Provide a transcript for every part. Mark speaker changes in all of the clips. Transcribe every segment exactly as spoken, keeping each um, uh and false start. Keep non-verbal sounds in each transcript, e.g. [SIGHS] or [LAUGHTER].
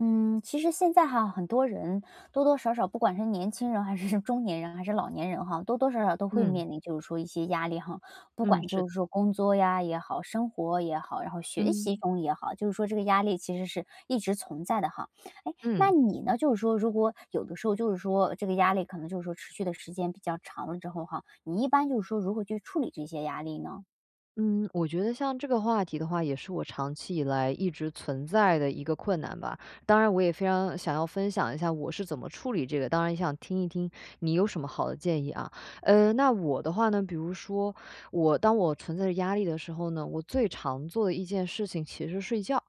Speaker 1: 嗯，其实现在哈很多人，多多少少-不管是年轻人还是中年人，还是老年人哈-多多少少都会
Speaker 2: 嗯。
Speaker 1: 面临就是说一些压力哈，不
Speaker 2: 嗯。
Speaker 1: 管
Speaker 2: 是
Speaker 1: 就
Speaker 2: 的。
Speaker 1: 是说工作呀也好、生活也好，然后学习
Speaker 2: 嗯。
Speaker 1: 中也好，就是说这个压力其实是一直存在的哈。诶，那
Speaker 2: 嗯。
Speaker 1: 你呢，就是说，如果有的时候就是说这个压力可能就是说持续的时间比较长了之后哈，你一般就是说如何去处理这些压力呢？
Speaker 2: 嗯，我觉得像这个话题的话，也是我长期以来一直存在的一个困难吧。当然我也非常想要分享一下我是怎么处理这个，当然也想听一听你有什么好的建议啊。嗯，那我的话呢，比如说，我当我存在着压力的时候呢，我最常做的一件事情其实是睡觉。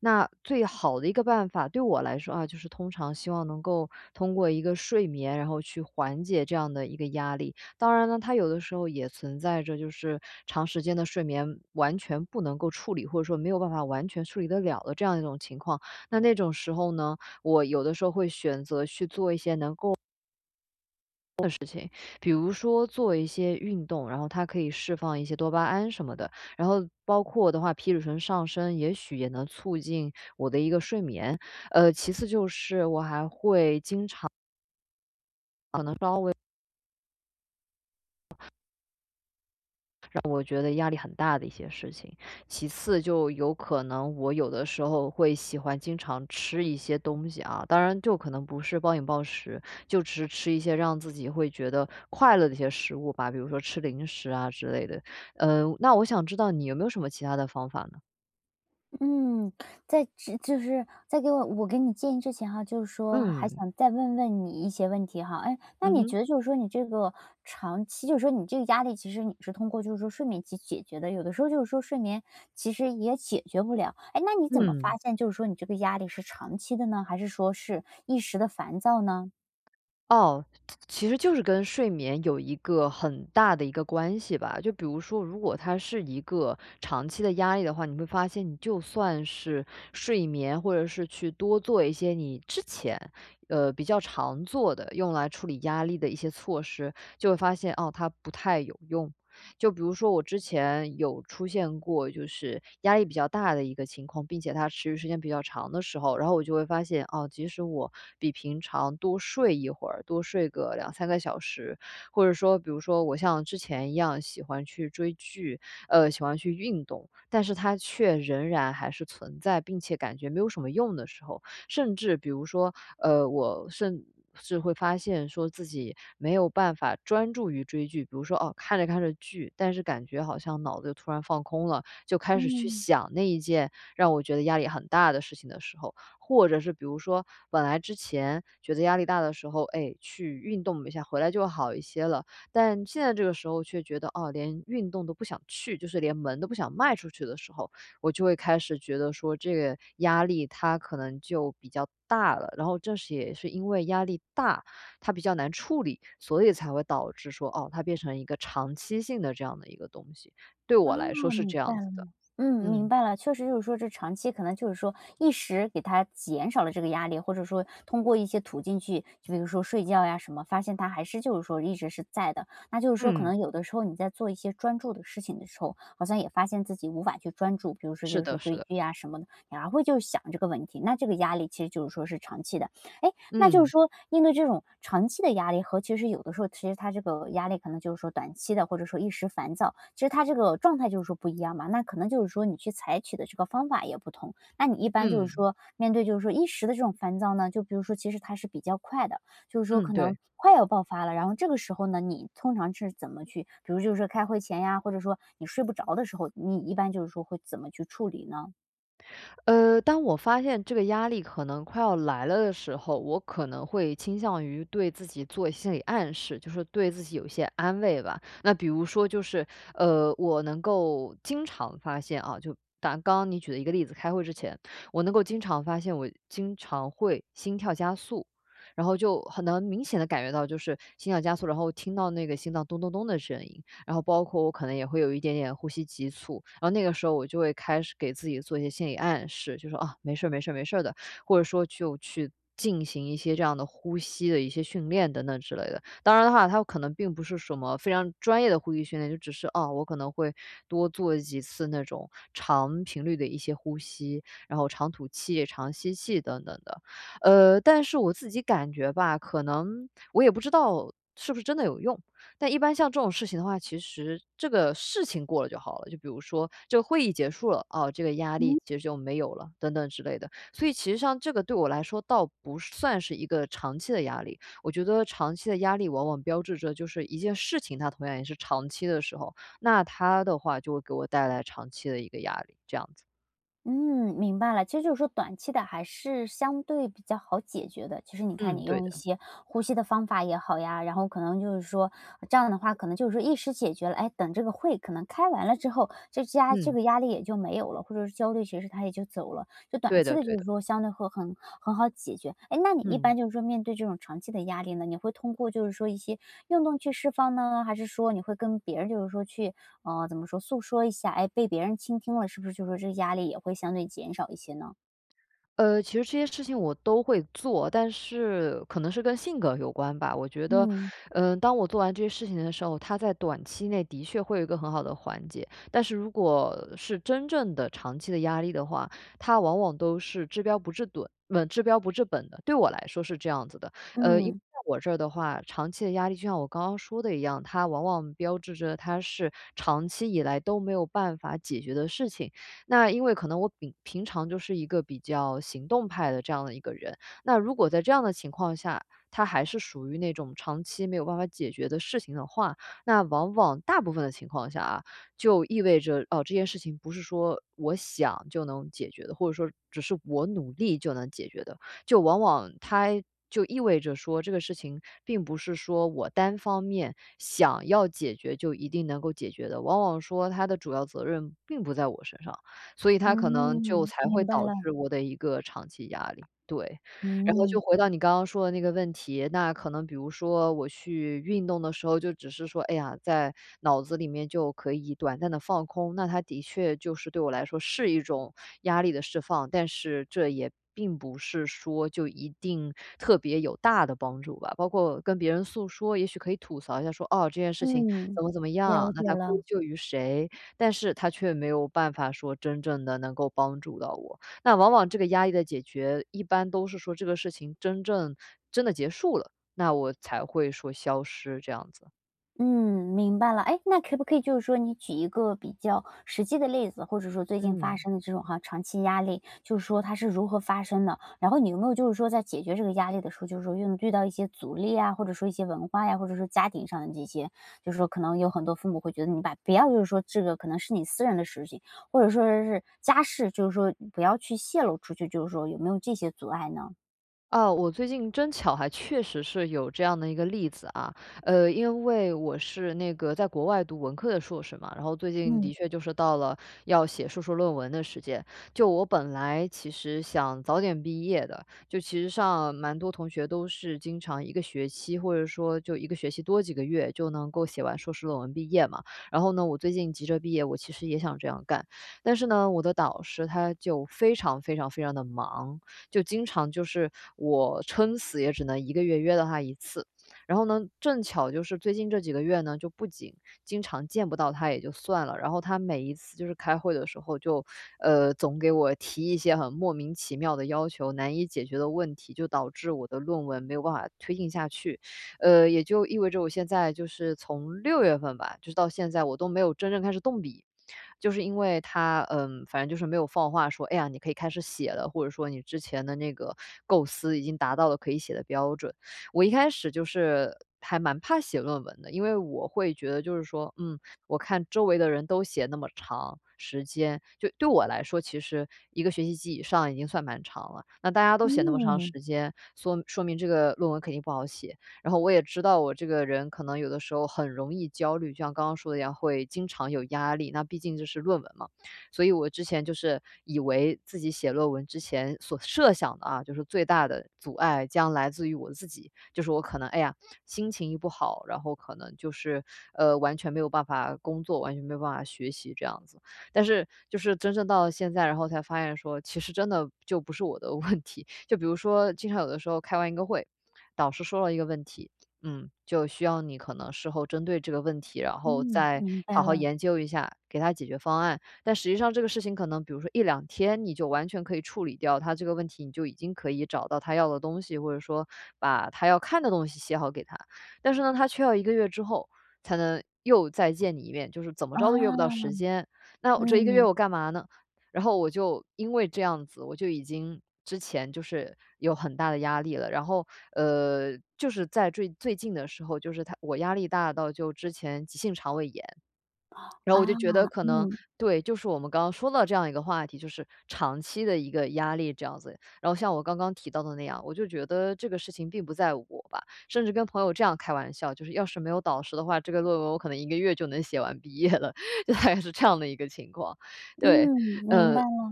Speaker 2: 那最好的一个办法，对我来说啊，就是通常希望能够通过一个睡眠，然后去缓解这样的一个压力。当然呢，它有的时候也存在着，就是，长时间的睡眠完全不能够处理，或者说没有办法完全处理得了的这样的一种情况，那那种时候呢，我有的时候会选择去做一些能够的事情。比如说做一些运动，然后它可以释放一些多巴胺什么的。然后包括我的话，皮质醇上升也许也能促进我的一个睡眠。呃其次就是我还会经常可能稍微让我觉得压力很大的一些事情。其次就有可能我有的时候会喜欢经常吃一些东西啊。当然就可能不是暴饮暴食，就只是吃一些让自己会觉得快乐的一些食物吧。比如说吃零食啊之类的。呃，那我想知道你有没有什么其它的方法呢？
Speaker 1: 嗯，在只就是在给我我给你建议之前哈，就是说还
Speaker 2: 嗯。
Speaker 1: 想再问问你一些问题哈。诶，那
Speaker 2: 嗯
Speaker 1: 你
Speaker 2: 哼。
Speaker 1: 觉得就是说你这个长期就是说你这个压力，其实你是通过就是说睡眠去解决的，有的时候就是说睡眠其实也解决不了。诶那你怎么发
Speaker 2: 嗯。
Speaker 1: 现就是说你这个压力是长期的呢？还是说是一时的烦躁呢？
Speaker 2: 哦，其其实就是跟睡眠有一个很大的一个关系吧。就比如说，如果它是一个长期的压力的话，你会发现你就算是睡眠，或者是去多做一些你之前，呃，比较常做的，用来处理压力的一些措施，就会发现，哦，它不太有用。就比如说我之前有出现过，就是压力比较大的一个情况，并且它持续时间比较长的时候，然后我就会发现，哦，即使我比平常多睡一会儿，多睡个两三个小时，或者说比如说我像之前一样喜欢去追剧，呃喜欢去运动，但是它却仍然还是存在，并且感觉没有什么用的时候。甚至比如说，呃，我甚至会发现说，自己没有办法专注于追剧，比如说，哦，看着看着剧，但是感觉好像脑子突然放空了，就开始去
Speaker 1: 嗯。
Speaker 2: 想那一件让我觉得压力很大的事情的时候。或者是比如说，本来之前觉得压力大的时候，哎，去运动一下，回来就会好一些了。但现在这个时候却觉得，哦，连运动都不想去，就是连门都不想迈出去的时候，我就会开始觉得说这个压力，它可能就比较大了，然后正是也是因为压力大，它比较难处理，所以才会导致说，哦，它变成一个长期性的这样的一个东西，对我来说
Speaker 1: 哦，
Speaker 2: 是
Speaker 1: 明
Speaker 2: 这
Speaker 1: 白
Speaker 2: 样子
Speaker 1: 了，
Speaker 2: 的。
Speaker 1: 嗯，明
Speaker 2: 嗯。
Speaker 1: 白了。确实就是说这长期可能就是说一时给它减少了这个压力，或者说通过一些途径去，就比如说睡觉呀什么，发现它还是就是说一直是在的，那就是说可
Speaker 2: 嗯。
Speaker 1: 能有的时候你在做一些专注的事情的时候，好像也发现自己无法去专注，比如说
Speaker 2: 是
Speaker 1: 就是
Speaker 2: 的，是
Speaker 1: 追
Speaker 2: 的。
Speaker 1: 剧呀什么的，然后会就想这个问题，那这个压力其实就是说是长期的。诶，那就是
Speaker 2: 嗯。
Speaker 1: 说，面对这种长期的压力和其实有的时候其实它这个压力可能就是说短期的，或者说一时烦躁，其实它这个状态就是说不一样嘛，那可能就是说，你去采取的这个方法也不同。那你一般就是
Speaker 2: 嗯。
Speaker 1: 说，面对就是说一时的这种烦躁呢，就比如说其实它是比较快的，就是说
Speaker 2: 嗯，
Speaker 1: 可能
Speaker 2: 对。
Speaker 1: 快要爆发了，然后这个时候呢你通常是怎么去，比如就是说开会前呀，或者说你睡不着的时候，你一般就是说会怎么去处理呢？
Speaker 2: [INHALES] 呃，当我发现这个压力可能快要来了的时候，我可能会倾向于对自己做心理暗示，就说对自己有一些安慰吧。那比如说就是，呃，我能够经常发现啊，就拿刚刚你举的一个例子，开会之前，我能够经常发现我经常会心跳加速。然后就很能明显地感觉到就是心跳加速，然后听到那个心脏咚咚咚的声音。然后包括我可能也会有一点点呼吸急促。然后那个时候我就会开始给自己做一些心理暗示，就说：“哦，没事儿，没事儿，没事儿的。”或者说就去进行一些这样的呼吸的一些训练，等等之类的。当然的哈，它可能并不是什么非常专业的呼吸训练。就只是，啊，我可能会多做几次那种长频率的一些呼吸，然后长吐气、长吸气，等等的。呃，但是我自己感觉吧，可能我也不知道是不是真的有用。但一般像这种事情的话，其实这个事情过了就好了，就比如说这个会议结束了，啊，这个压力
Speaker 1: 嗯？
Speaker 2: 其实就没有了，等等之类的。所以其实像这个对我来说倒不算是一个长期的压力。我觉得长期的压力往往标志着就是一件事情，它同样也是长期的时候，那它的话就会给我带来长期的一个压力，这样子。
Speaker 1: 嗯，明白了。其实就是说短期的还是相对比较好解决的。其实你看
Speaker 2: 嗯，
Speaker 1: 你
Speaker 2: 对
Speaker 1: 用一
Speaker 2: 的。
Speaker 1: 些呼吸的方法也好呀，然后可能就是说，这样的话，可能就是说一时解决了。诶，等这个会可能开完了之后，这家这
Speaker 2: 嗯。
Speaker 1: 个压力也就没有了，或者说焦虑其实它也就走了。就短
Speaker 2: 对
Speaker 1: 期
Speaker 2: 的，
Speaker 1: 的
Speaker 2: 对
Speaker 1: 就是
Speaker 2: 的。
Speaker 1: 说相对会很很好解决。诶，那你一
Speaker 2: 嗯。
Speaker 1: 般就是说面对这种长期的压力呢，你会通过就是说一些运动去释放呢？还是说你会跟别人就是说去，嗯，怎么说？诉说一下。诶，被别人倾听了，是不是就说这个压力也会相对减少一些呢？
Speaker 2: 呃，其实这些事情我都会做，但是可能是跟性格有关吧。我觉得，
Speaker 1: 嗯。
Speaker 2: 呃，当我做完这些事情的时候，它在短期内的确会有一个很好的缓解，但是如果是真正的长期的压力的话，它往往都是治标不治盹稳，治标不治本的，对我来说是这样子的。呃，因为
Speaker 1: 嗯。
Speaker 2: 在我这儿的话，长期的压力就像我刚刚说的一样，它往往标志着它是长期以来都没有办法解决的事情。那因为可能我饼平常就是一个比较行动派的这样的一个人。那如果在这样的情况下，它还是属于那种长期没有办法解决的事情的话，那往往，大部分的情况下啊，就意味着，哦，这件事情不是说我想就能解决的，或者说只是我努力就能解决的。就往往它就意味着说，这个事情并不是说我单方面想要解决就一定能够解决的。往往说，它的主要责任并不在我身上，所以它可能就
Speaker 1: 嗯，
Speaker 2: 才会
Speaker 1: 明白
Speaker 2: 导
Speaker 1: 了。
Speaker 2: 致我的一个长期压力，对。然后就
Speaker 1: 嗯。
Speaker 2: 回到你刚刚说的那个问题，那可能比如说我去运动的时候，就只是说，哎呀，在脑子里面就可以短暂地放空。那它的确就是对我来说是一种压力的释放，但是这也并不是说就一定特别有大的帮助吧。包括跟别人诉说，也许可以吐槽一下说：“哦，这件事情
Speaker 1: 嗯，
Speaker 2: 怎么怎么样，
Speaker 1: 了
Speaker 2: 那
Speaker 1: 解
Speaker 2: 它归
Speaker 1: 了。
Speaker 2: 咎于谁。”但是它却没有办法说真正地能够帮助到我。那往往这个压力的解决，一般都是说这个事情争正真的结束了，那我才会说消失这样子。
Speaker 1: 嗯，明白了。诶？那可不可以就是说你举一个比较实际的例子，或者说最近发
Speaker 2: 嗯。
Speaker 1: 生的这种，哈，长期压力，就是说它是如何发生的。然后你有没有就是说在解决这个压力的时候，就是说运遇到一些阻力呀，或者说一些文化呀，或者说家庭上的这些，就是说可能有很多父母会觉得你把不要就是说这个可能是你私人的事情，或者说这是家事，就是说不要去泄露出去，就是说有没有这些阻碍呢？
Speaker 2: 啊，我最近真巧还确实是有这样的一个例子啊。呃，因为我是那个在国外读文科的硕士嘛，然后最近
Speaker 1: 嗯。
Speaker 2: 的确就是到了要写硕士论文的时间。就我本来其实想早点毕业的，就其实上蛮多同学都是经常一个学期，或者说就一个学期多几个月就能够写完硕士论文毕业嘛。然后呢我最近急着毕业，我其实也想这样干。但是呢，我的导师他就非常非常非常地忙，就经常就是我撑死也只能一个月约到他一次。然后呢正巧就是最近这几个月呢，就不仅经常见不到他也就算了，然后他每一次就是开会的时候，就呃，总给我提一些很莫名其妙的要求、难以解决的问题，就导致我的论文没有办法推进下去。呃，也就意味着我现在就是从六月份吧，就是到现在我都没有真正开始动笔。就是因为他，呃，反正就是没有放话说：“哎呀，你可以开始写了，或者说你之前的那个构思已经达到了可以写的标准。”我一开始就是还蛮怕写论文的，因为我会觉得就是说嗯，我看周围的人都写那么长时间，就对我来说，其实一个学期及以上已经算蛮长了，那大家都写那么长
Speaker 1: 嗯。
Speaker 2: 时间，缩说明这个论文肯定不好写。然后我也知道我这个人可能有的时候很容易焦虑，就像刚刚说的一样，会经常有压力，那毕竟这是论文嘛，所以我之前就是以为自己写论文之前所设想的啊，就是最大的阻碍将来自于我自己，就是我可能哎呀，心情一不好，然后可能就是呃，完全没有办法工作、完全没有办法学习这样子。但是就是真正到了现在，然后才发现说其实真的就不是我的问题。就比如说经常有的时候开完一个会，导师说了一个问题，嗯，就需要你可能事后针对这个问题，然后
Speaker 1: 嗯，
Speaker 2: 再
Speaker 1: 明
Speaker 2: 好
Speaker 1: 白
Speaker 2: 好
Speaker 1: 了。
Speaker 2: 研究一下给他解决方案，但实际上这个事情可能比如说一两天你就完全可以处理掉他这个问题，你就已经可以找到他要的东西，或者说把他要看的东西写好给他。但是呢，他却要一个月之后才能又再见你一面，就是怎么
Speaker 1: 哦。
Speaker 2: 着都约不到时间。那我这一个月
Speaker 1: 嗯。
Speaker 2: 我干嘛呢？然后我就因为这样子，我就已经之前就是有很大的压力了，然后呃，就是在坠最近的时候就是他我压力大到就之前急性肠胃炎。
Speaker 1: [INHALES]
Speaker 2: [SWALLOWS] 然后
Speaker 1: 啊，
Speaker 2: 我就觉得可能
Speaker 1: 嗯。
Speaker 2: 对，就是我们刚刚说到这样一个话题，就是长期的一个压力这样子。然后像我刚刚提到的那样，我就觉得这个事情并不在我吧，甚至跟朋友这样开玩笑，就是要是没有导师的话，这个论文我可能一个月就能写完毕业了，[LAUGHS] 就大概是这样的一个情况，对。
Speaker 1: 嗯，明
Speaker 2: 呃，
Speaker 1: 白了。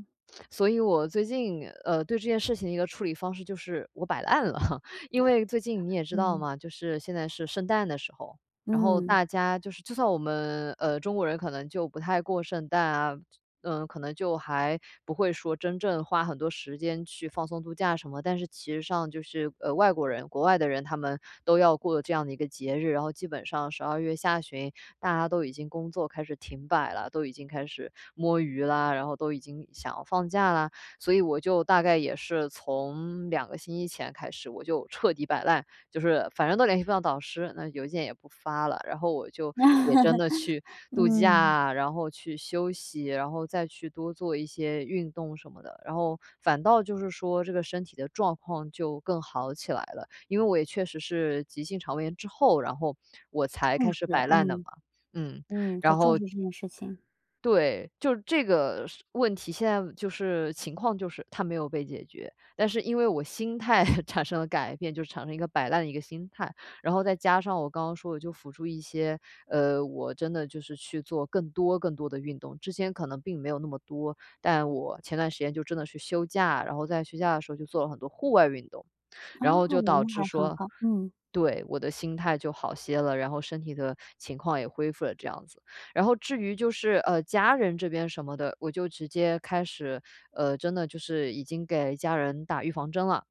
Speaker 2: 所以我最近，呃，对这件事情的一个处理方式就是我摆烂了，[CHUCKLES] 因
Speaker 1: [SIGHS]
Speaker 2: 为最近你也知道
Speaker 1: 嗯。
Speaker 2: 嘛，就是现在是圣诞的时候，然后
Speaker 1: 嗯。
Speaker 2: 大家就是就算我们，呃，中国人可能就不太过圣诞啊，呃，可能就还不会说真正花很多时间去放松度假什么。但是其实上就是，呃，外国人，国外的人他们都要过这样的一个节日，然后基本上十二月下旬大家都已经工作开始停摆了，都已经开始摸鱼啦，然后都已经想要放假啦。所以我就大概也是从两个星期前开始，我就彻底摆烂，就是反正都联系不到导师，那邮件也不发了，然后我就也真的去
Speaker 1: [LAUGHS]
Speaker 2: 度
Speaker 1: 嗯。
Speaker 2: 假，然后去休息，然后再去多做一些运动什么的，然后反倒就是说这个身体的状况就更好起来了。因为我也确实是急性肠胃炎之后，然后我才
Speaker 1: 重
Speaker 2: 开
Speaker 1: 视，
Speaker 2: 始摆烂的嘛，
Speaker 1: 嗯，
Speaker 2: 嗯，
Speaker 1: 嗯，很
Speaker 2: 然
Speaker 1: 重
Speaker 2: 后
Speaker 1: 视这件事情。
Speaker 2: 对，就这个是问题，现在就是情况就是它没有被解决，但是因为我心态 [CHUCKLES] 产生了改变，就产生一个摆烂的一个心态，然后再加上我刚刚说我就辅助一些，呃，我真的就是去做更多更多的运动，之前可能并没有那么多，但我前段时间就真的去休假，然后在休假的时候就做了很多户外运动。
Speaker 1: 哦，
Speaker 2: 然后就导
Speaker 1: 那
Speaker 2: 致
Speaker 1: 还很
Speaker 2: 说
Speaker 1: 好。嗯。
Speaker 2: 对，我的心态就好些了，然后身体的情况也恢复了这样子。然后至于就是呃，家人这边什么的，我就直接开始，呃，真的就是已经给家人打预防针了。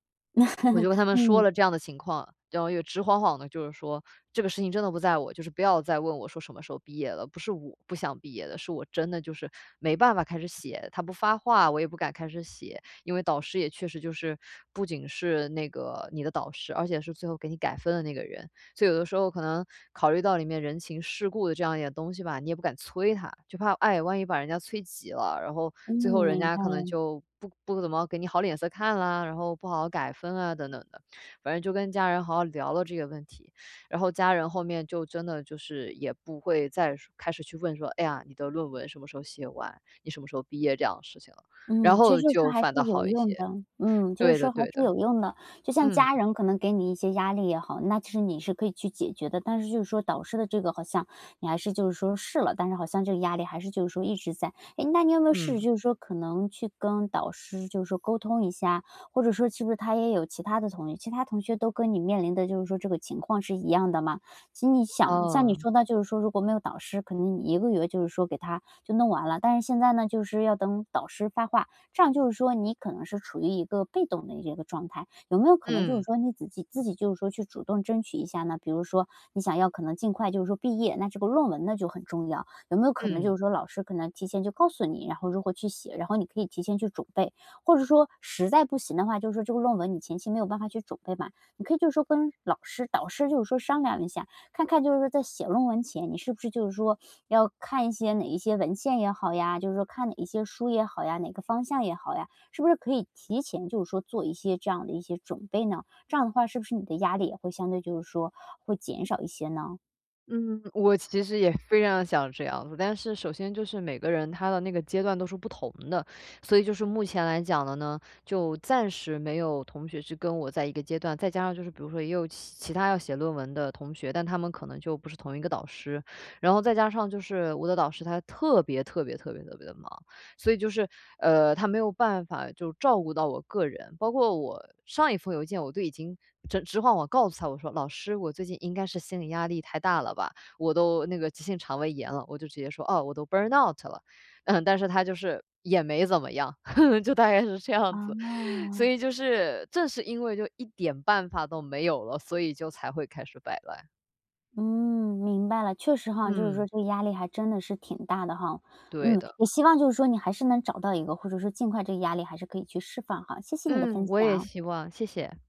Speaker 2: 我就跟他
Speaker 1: [CHUCKLES]
Speaker 2: 们说
Speaker 1: 嗯。
Speaker 2: 了这样的情况，然后又直晃晃地就是说这个事情真的不在我，就是不要再问我说什么时候毕业了，不是我不想毕业的，是我真的就是没办法开始写，他不发话，我也不敢开始写，因为导师也确实就是-不仅是那个你的导师，而且是最后给你改分的那个人，所以有的时候可能考虑到里面人情世故的这样一点东西吧，你也不敢催他，就怕哎，万一把人家催急了，然后
Speaker 1: 嗯，
Speaker 2: 最后人
Speaker 1: 明
Speaker 2: 家
Speaker 1: 白
Speaker 2: 可能
Speaker 1: 了。
Speaker 2: 就不不怎么给你好脸色看了，然后不好好改分啊等等的。反正就跟家人好好聊聊了这些问题，然后家人后面就真的就是也不会再说开始去问说：“哎呀，你的论文什么时候写完，你什么时候毕业？”这样的事情了。然
Speaker 1: 嗯，其实
Speaker 2: 后
Speaker 1: 就是说
Speaker 2: 就
Speaker 1: 还是
Speaker 2: 反倒
Speaker 1: 有
Speaker 2: 好一
Speaker 1: 用的。
Speaker 2: 些。
Speaker 1: 嗯，就是
Speaker 2: 对的，
Speaker 1: 说还
Speaker 2: 对
Speaker 1: 是
Speaker 2: 的。
Speaker 1: 有用的，就像
Speaker 2: 嗯。
Speaker 1: 家人可能给你一些压力也好，那其实你是可以去解决的，但是就是说导师的这个好像你还是就是说试了，但是好像这个压力还是就是说一直在。诶，那你有没有试试
Speaker 2: 嗯。
Speaker 1: 就是说可能去跟导师就是说沟通一下，或者说是不是他也有其他的同业其他同学都跟你面临的就是说这个情况是一样的吗？其实你想像你
Speaker 2: 哦。
Speaker 1: 说的，就是说如果没有导师，可能你一个月就是说给它就弄完了，但是现在呢就是要等导师发话，这样就是说你可能是处于一个被动的一这个状态，有没有可能就是
Speaker 2: 嗯。
Speaker 1: 说你自己自己就是说去主动争取一下呢？比如说你想要可能尽快就是说毕业，那这个论文呢就很重要，有没有可能
Speaker 2: 嗯。
Speaker 1: 就是说老师可能提前就告诉你，然后如何去写，然后你可以提前去准备。或者说实在不行的话，就是说这个论文你前期没有办法去准备嘛，你可以就是说跟老师导师就是说商量一下，看看就是说在写论文前，你是不是就是说要看一些哪一些文献也好呀，就是说看哪一些书也好呀，哪个方向也好呀，是不是可以提前就是说做一些这样的一些准备呢？这样的话是不是你的压力也会相对就是说，会减少一些呢？
Speaker 2: 嗯，我其实也非常地想这样。但是首先就是每个人他的那个阶段都是不同的，所以就是目前来讲的呢，就暂时没有同学去跟我在一个阶段，再加上就是比如说也有其其他要写论文的同学，但他们可能就不是同一个导师。然后再加上就是我的导师他特别特别特别特别地忙，所以就是呃，他没有办法就照顾到我个人，包括我上一封邮件，我都已经直直晃晃告诉他，我说：“老师，我最近应该是心理压力太大了吧，我都那个急性肠胃炎了。”我就直接说：“哦，我都 Burnout 了。”嗯，但是他就是也没怎么样，[LAUGHS] 就大概是这样子。[CHUCKLES] 所
Speaker 1: 啊。
Speaker 2: 以就是正是因为就一点办法都没有了，所以就才会开始摆烂。
Speaker 1: 嗯，明白了。确实哈，就是说
Speaker 2: 嗯。
Speaker 1: 这个压力还真的是挺大的哈。
Speaker 2: 对
Speaker 1: 嗯，
Speaker 2: 的。
Speaker 1: 也希望就是说你还是能找到一个，或者说尽快这个压力还是可以去释放哈。谢谢你的分
Speaker 2: 嗯，我也
Speaker 1: 享。
Speaker 2: 希望。谢谢。